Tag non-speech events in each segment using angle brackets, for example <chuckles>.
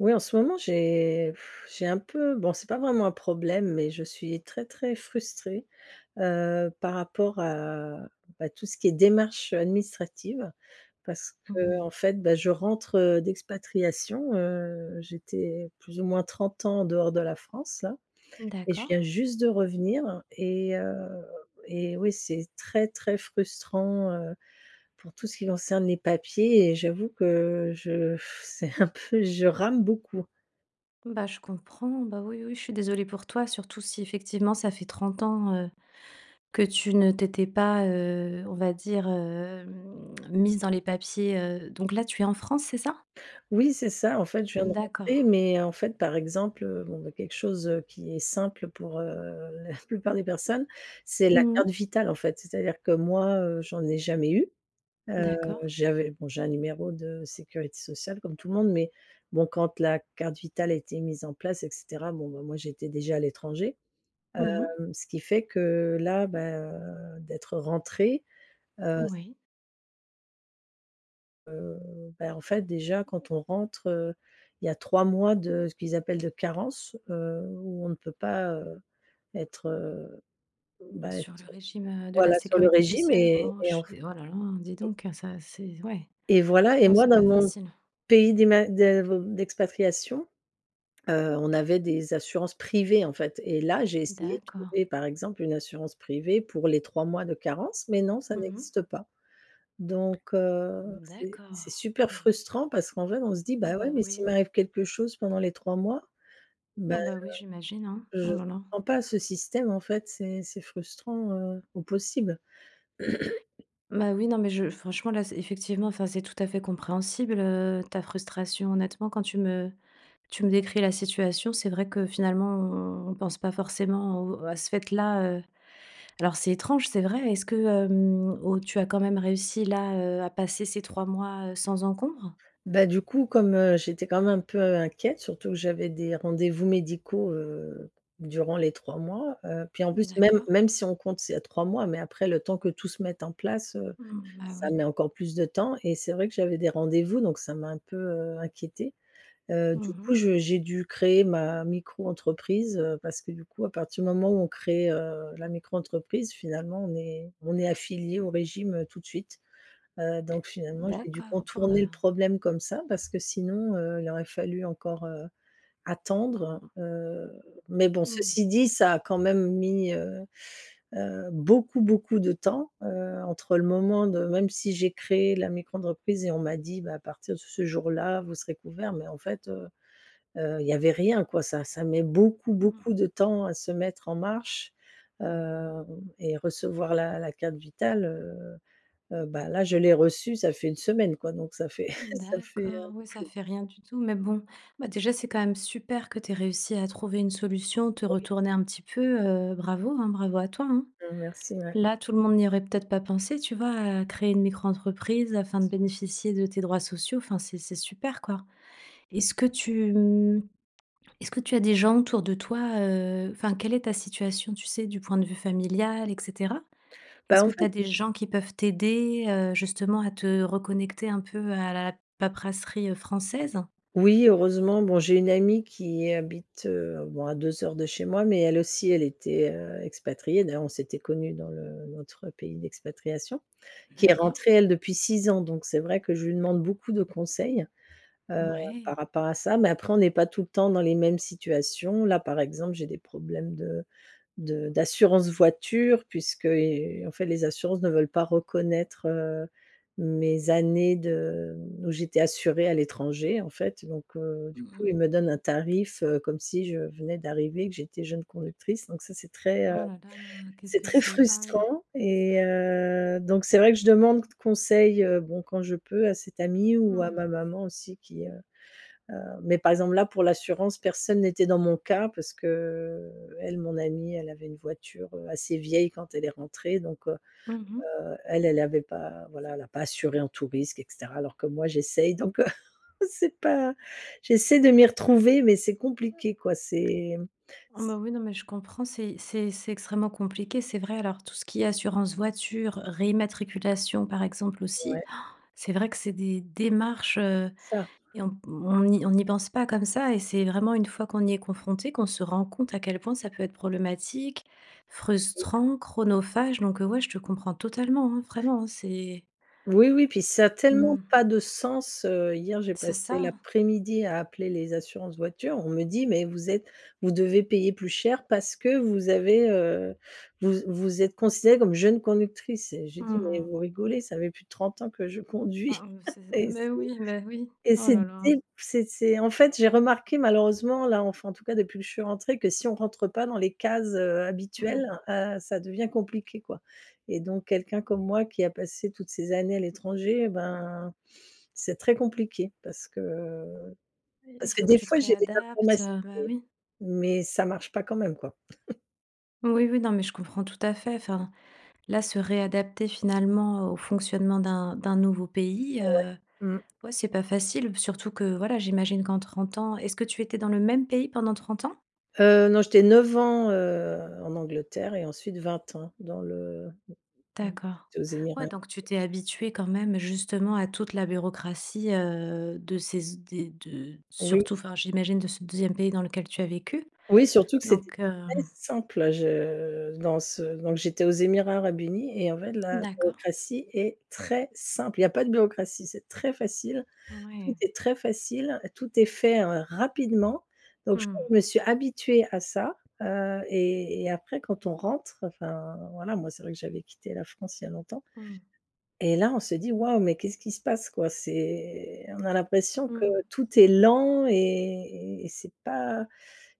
Oui, en ce moment j'ai <sighs> j'ai un peu, bon, c'est pas vraiment un problème, mais je suis très, très frustrée, heu, par rapport à, bah, tout ce qui est démarche, heu, administrative parce Mmh mh. qu'en fait, bah, je rentre, heu, d'expatriation, heu, j'étais plus ou moins 30 ans en dehors de la France là et je viens D'accord. juste de revenir et heu et oui, c'est très, très frustrant, heu, pour tout ce qui concerne les papiers et j'avoue que je <sighs> c'est un peu je rame beaucoup. Bah je comprends, bah oui, oui, je suis désolée pour toi, surtout si effectivement ça fait 30 ans, heu, que tu ne t'étais pas, heu, on va dire, hem, mise dans les papiers, heu donc, là, tu es en France, c'est ça? Oui, c'est ça, en fait, je viens de Mmh, rentrer, d'accord. mais en fait, par exemple, heu, bon, bah, quelque chose qui est simple pour, heu, <chuckles> la plupart des personnes, c'est la Mmh carte mh. vitale, en fait. C'est-à-dire que, moi, heu, j'en ai jamais eu, heu, D'accord. j'avais bon, j'ai un numéro de sécurité sociale comme tout le monde mais, bon, quand la carte vitale a été mise en place et cetera, bon, ben, moi, j'étais déjà à l'étranger, Mmh mh. heu, ce qui fait que là, ben, heu, d'être rentrée, heu, ç Oui. Heu, beh, en fait, déjà quand on rentre, heu, il y a 3 mois de ce qu'ils appellent de «carence», heu, où on ne peut pas, heu, être, heu, bah, Sur être, le heu, régime, heu, de la voilà, sur le sécurité régime sociale? et Oh, je et suis enf dé oh là là, dis et donc ça c'est z ouais, et voilà, et non, moi c'est dans pas mon facile. pays d'ima d'a ve d'expatriation. Heu, on avait des assurances privées, en fait et là, j'ai essayé de D'accord. trouver, par exemple, une assurance privée pour les 3 mois de carence, mais non, ça Mmh mh. n'existe pas donc, heu, Mmh, c'est d'accord. c'est super Mmh. frustrant parce qu'en vrai, on se dit: Oh, «Bah bah ouais, mais s'il oui. m'arrive quelque chose pendant les 3 mois». Bah, Oh, bah oui, j'imagine, hein. heu, je Oh là là! comprends pas ce système, en fait, c'est c'est frustrant, heu, au possible. Bah oui, non, mais je franchement, là, c'est effectivement enfin, c'est tout à fait compréhensible, heu, ta frustration. Honnêtement, quand tu me tu me décris la situation, c'est vrai que finalement, on pense pas forcément au, heu à ce fait-là, heu. Alors c'est étrange, c'est vrai. Est-ce que, hem, au tu as quand même réussi là, heu, à passer ces 3 mois, heu, sans encombre? Bah, du coup, comme, heu, j'étais, quand même, un peu inquiète, surtout que, j'avais des rendez-vous médicaux, heu, durant les 3 mois, heu. Puis, en plus, même D'accord. même si on compte, c'est à 3 mois, mais après le temps que tout se mette en place, heu, Mmh, bah ça oui. met encore plus de temps et c'est vrai que j'avais des rendez-vous donc ça m'a un peu, heu, inquiétée. Heu, Mmh du coup, mh. je j'ai dû créer ma micro-entreprise, heu, parce que, du coup, à partir du moment où on crée, heu, la micro-entreprise, finalement, on est on est affilié au régime, heu, tout de suite, heu, donc finalement, j'ai dû D'accord, bon bah contourner le problème comme ça parce que sinon, heu, il aurait fallu encore, heu, attendre, heu, mais bon, Mmh. ceci dit, ça a quand même mis, heu heu, beaucoup, beaucoup de temps, heu, entre le moment de même si j'ai créé la micro-entreprise et on m'a dit: «Bah, à partir de ce jour-là, vous serez couvert» mais en fait, heu heu, il y avait rien, quoi, ça ça met beaucoup, Mmh. beaucoup de temps à se mettre en marche, hem, et recevoir la la carte vitale, heu. Heu, bah là, je l'ai reçue, ça fait 1 semaine, quoi donc, ça fait <chuckles> ça fait, heu, D'accord, ouais, ça plus fait rien du tout, mais bon. Bah déjà, c'est quand même super que tu aies réussi à trouver une solution, te Oui. retourner un petit peu, heu, bravo, hein, bravo à toi, hein. Mmh, merci, ouais. Là, tout le monde n'y aurait peut-être pas pensé, tu vois? À créer une micro-entreprise afin de <unintelligible> bénéficier de tes droits sociaux, enfin, c'est c'est super, quoi. Est-ce que tu, mmh est-ce que tu as des gens autour de toi, heu enfin, quelle est ta situation, tu sais? Du point de vue familial, et cetera? Est-ce Bah, en que tu fait as des gens qui peuvent t'aider, heu, justement à te reconnecter un peu à la paperasserie, heu, française? Oui, heureusement, bon, j'ai une amie qui habite, heu, bon à 2 heures de chez moi, mais, elle aussi, elle était, heu, expatriée. D'ailleurs, on s'était connues dans le notre pays d'expatriation. Qui est D'accord. rentrée elle depuis 6 ans, donc c'est vrai que je lui demande beaucoup de conseils, heu, par Mouais. rapport à ça, mais après, on n'est pas tout le temps dans les mêmes situations. Là, par exemple, j'ai des problèmes de de d'assurance voiture puisqu'i heu, en fait, les assurances ne veulent pas reconnaître, heu, mes années de, mmh, où j'étais assurée à l'étranger, en fait donc, heu, du Mmh coup, ils mh. me donnent un tarif, heu, comme si je venais d'arriver et que j'étais jeune conductrice donc ça, c'est très, heu, Oh là là, qu'est-ce c'est que très c'est ah oui. frustrant et heu, donc c'est vrai que je demande c conseil, heu, bon, quand je peux à cette amie ou à Mmh. ma maman aussi qui, heu heu mais par exemple là, pour l'assurance, personne n'était dans mon cas parce qu'elle, mon amie, elle avait une voiture, heu, assez vieille quand elle est rentrée donc heu Mmh mh. heu, elle, elle avait pas, voilà, elle l'a pas assurée en tous risques, et cetera, alors que moi, j'essaie donc heu, <chuckles> c'est pas j'essaie de m'y retrouver, mais c'est compliqué quoi, c'est, mmh, Oh c bah, oui, non, mais je comprends, c'est c'est c'est extrêmement compliqué, c'est vrai alors tout ce qui est assurance voiture, réimmatriculation, par exemple, Ouais. aussi, <gasps> c'est vrai que c'est des démarches, heu, Ça et on p on n'y on n'y pense pas comme ça et c'est vraiment une fois qu'on y est confronté, qu'on se rend compte à quel point ça peut être problématique, Oui. frustrant, chronophage, donc heu, ouais, je te comprends totalement, hein, vraiment, hein, c'est Oui, oui, puis, ça a tellement Mmh. pas de sens, heu, hier, j'ai C'est passé ça. l'après-midi à appeler les assurances voitures, on me dit: «Mais vous êtes vous devez payer plus cher parce que vous avez, heu, vous z vous êtes considérée comme jeune conductrice» et j'ai dit: Mmh «Mais mh. vous rigolez, ça fait plus de 30 ans que je Ah, conduis». mmh, <chuckles> c'est Et mais c'est oui, mais oui, et oh c'est là là. dès p c'est c'est, en fait, j'ai remarqué malheureusement, là, enfin, en tout cas, depuis que je suis rentrée que si on rentre pas dans les cases, heu, habituelles, Mmh. heu, ça devient compliqué, quoi, et donc quelqu'un comme moi, qui a passé toutes ces années à l'étranger, ben, c'est très compliqué parce que Il parce que, faut que des tu te fois, j'ai des réadaptes, informations heu, bah oui. mais mais ça marche pas quand même quoi. <chuckles> Oui, oui, non mais je comprends tout à fait, enfin, là se réadapter finalement au fonctionnement d'un d'un nouveau pays, Ouais. heu, Mmh. ouais, c'est pas facile, b surtout que voilà, j'imagine qu'en 30 ans est-ce que tu étais dans le même pays pendant 30 ans? Heu, non. J'étais 9 ans, heu, en Angleterre et ensuite 20 ans, dans le <unintelligible> D'accord. j'étais aux Émirats Ouais arabe donc tu unis. t'es habituée quand même justement à toute la bureaucratie, heu, de ces z des de Oui. surtout enfin, j'imagine de ce 2e pays dans lequel tu as vécu? Oui, surtout que c'était Donc, très hem simple. Je dans ce donc j'étais aux Émirats arabes unis, et en fait la D'accord. bureaucratie est très simple. Il y a pas de bureaucratie, c'est très facile. Tout Ouais. est très facile, tout est fait r rapidement. Donc je Mmh. me suis habituée à ça, heu, et et après quand on rentre enfin, voilà, moi c'est vrai que j'avais quitté la France il y a longtemps, Mmh. et là, on se dit: «Waouh, mais qu'est-ce qui se passe quoi?» C'est on a l'impression que Mmh. tout est lent et et c'est pas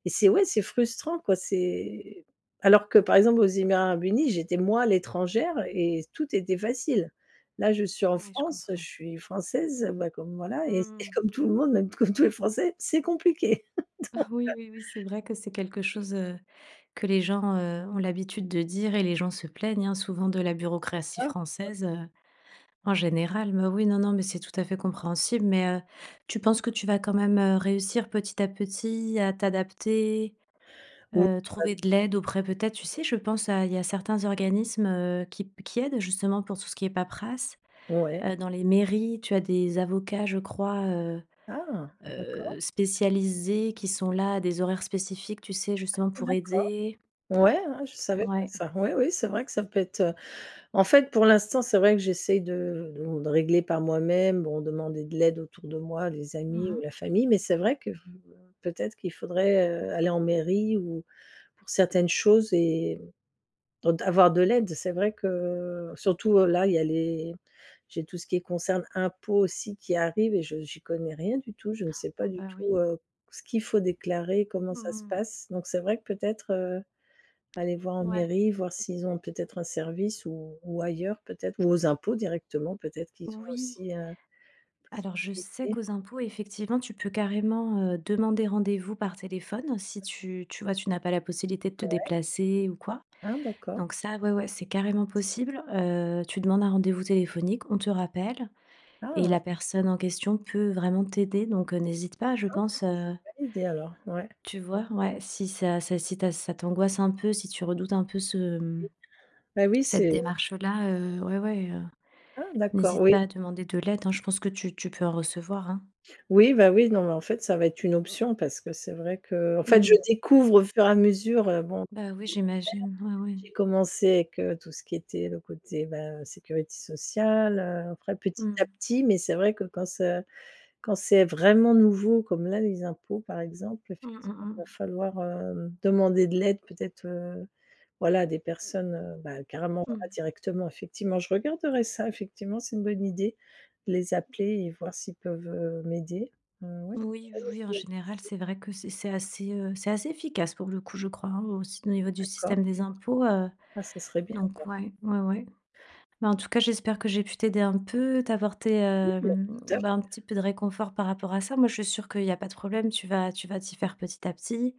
et c'est, ouais, c'est frustrant quoi, c'est alors que par exemple, aux Émirats arabes unis, j'étais, moi, l'étrangère et tout était facile. Là, je suis en Ouais, je France, je comprends. suis française, bah comme, voilà, et et Mmh. comme tout le monde, même comme tous les Français, c'est compliqué. <chuckles> Donc, <chuckles> Oui, heu oui, oui, c'est vrai que c'est quelque chose, heu, que les gens, heu, ont l'habitude de dire et les gens se plaignent, hein, souvent de la C'est bureaucratie ça. Mmh. française, heu, en général. Mais oui, non, non, mais c'est tout à fait compréhensible, mais, heu, tu penses que tu vas quand même, heu, réussir petit à petit à t'adapter? Heu, <unintelligible> trouver de l'aide auprès, peut-être, tu sais je pense à il y a certains organismes, heu, qui p qui aident justement pour tout ce qui est paperasse. Ouais. Heu, dans les mairies tu as des avocats je crois, heu Ah! D'accord. heu, spécialisés qui sont là, à des horaires spécifiques, tu sais justement pour D'accord. aider. Ouais, hein, je savais pas Ouais. ça. Oui, oui, c'est vrai que ça peut être, heu en fait pour l'instant, c'est vrai que j'essaie de de de régler par moi-même. Bon, demander de l'aide autour de moi, les Mmh amis ou mh. la famille, mais c'est vrai que v heu, peut-être qu'il faudrait, heu, aller en mairie, ou pour certaines choses, et d avoir de l'aide. C'est vrai que surtout, heu, là il y a les j'ai tout ce qui est concerne impôts aussi qui arrive et je j'y connais rien du tout. Je ne sais pas Oh, du bah, tout, oui. heu, ce qu'il faut déclarer, comment ça Mmh se mh. passe, donc c'est vrai que peut-être, heu, aller voir en Ouais. mairie, voir s'ils ont peut-être un service ou ou ailleurs peut-être, ou aux impôts directement, peut-être qu'ils ont Oui. aussi, heu, une Alors je sais possibilité. qu'aux impôts, effectivement, tu peux carrément, heu, demander rendez-vous par téléphone si tu tu vois, tu n'as pas la possibilité de te Ouais. déplacer ou quoi. Ah d'accord. Donc ça, ouais, ouais, c'est carrément possible. Heu, tu demandes un rendez-vous téléphonique, on te rappelle et la Ah! personne en question peut vraiment t'aider donc, heu, n'hésite pas, je Ah, bah, pense, heu c'est validé alors, ouais. Tu vois? Ouais, si ça c'est si ta ça t'angoisse un peu, si tu redoutes un peu ce, mmh, Ben oui, cette c'est démarche, heu, là, heu, ouais, ouais, heu, Ah d'accord, n'hésite pas oui. à demander de l'aide hein, je pense que tu tu peux en recevoir hein. Oui, bah oui. Non mais en fait, ça va être une option, parce que c'est vrai qu'en fait je Mmh. découvre au fur et à mesure, heu, bon Bah ce oui, qu'il y a à faire. j'imagine. Ouais, ouais. J'ai commencé avec tout ce qui était le côté, bah, heu, sécurité sociale, heu, après petit à Mmh. petit, mais c'est vrai que quand ça quand c'est vraiment nouveau comme là, les impôts par exemple, Mmh, mmh, effectivement il va mmh. falloir, hem, demander de l'aide peut-être, heu, voilà des personnes, heu, bah, carrément on va Mmh. directement effectivement, je regarderai ça, effectivement c'est une bonne idée, de les appeler et voir s'ils peuvent, heu, m'aider. Mmh oui, Oui, c'est oui, une bonne oui, en idée, général, merci. c'est vrai que c'est c'est assez, heu, c'est assez efficace pour le coup, je crois hein, aussi au niveau du D'accord. système des impôts, heu, Ah, ça serait bien donc alors. ouais, ouais, ouais. Mais en tout cas, j'espère que j'ai pu t'aider un peu, t'apporter, Oui, heu, heu, tout à fait. bah, un petit peu de réconfort par rapport à ça. Moi, je suis sûre qu'il y a pas de problème, tu vas tu vas t'y faire petit à petit.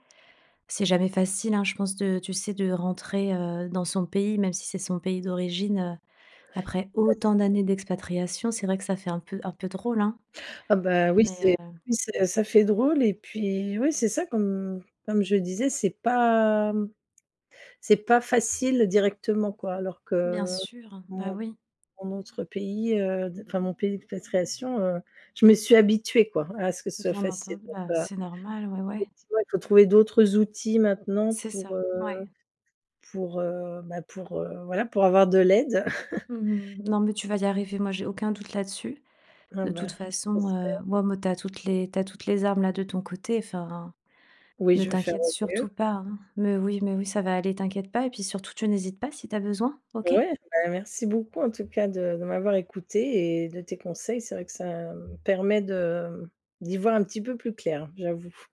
C'est jamais facile hein, je pense de tu sais, de rentrer, heu, dans son pays, même si c'est son pays d'origine, heu, après <unintelligible> autant d'années d'expatriation, c'est vrai que ça fait un peu un peu drôle hein? Ah, bah oui. Mais C'est, heu oui, c'est ça fait drôle et puis oui, c'est ça qu'on comme je disais, c'est pas c'est pas facile directement quoi alors Bien que, sûr. mon Bah oui. mon autre pays, heu, de enfin mon pays d'expatriation, heu, je me suis habituée quoi à ce que ce soit Bien facile entend donc, bah heu, c'est normal, ouais, ouais. effectivement, il faut trouver d'autres outils maintenant C'est pour, ça. heu Ouais. pour, heu, bah, pour, heu, voilà, pour avoir de l'aide. Mmh <chuckles> mh. Non, mais tu vas y arriver, moi, j'ai aucun doute là-dessus. Ah De toute ben! façon, heu, J'espère. moi me tu as toutes les tu as toutes les armes là de ton côté. Enfin, Oui, ne je vais faire t'inquiète au mieux. surtout pas hein. Mais oui mais oui, ça va aller, t'inquiète pas et puis surtout, tu n'hésites pas si tu as besoin. OK? Ouais, bah merci beaucoup en tout cas de de m'avoir écoutée et de tes conseils. C'est vrai que ça me permet de d'y voir un petit peu plus clair, j'avoue.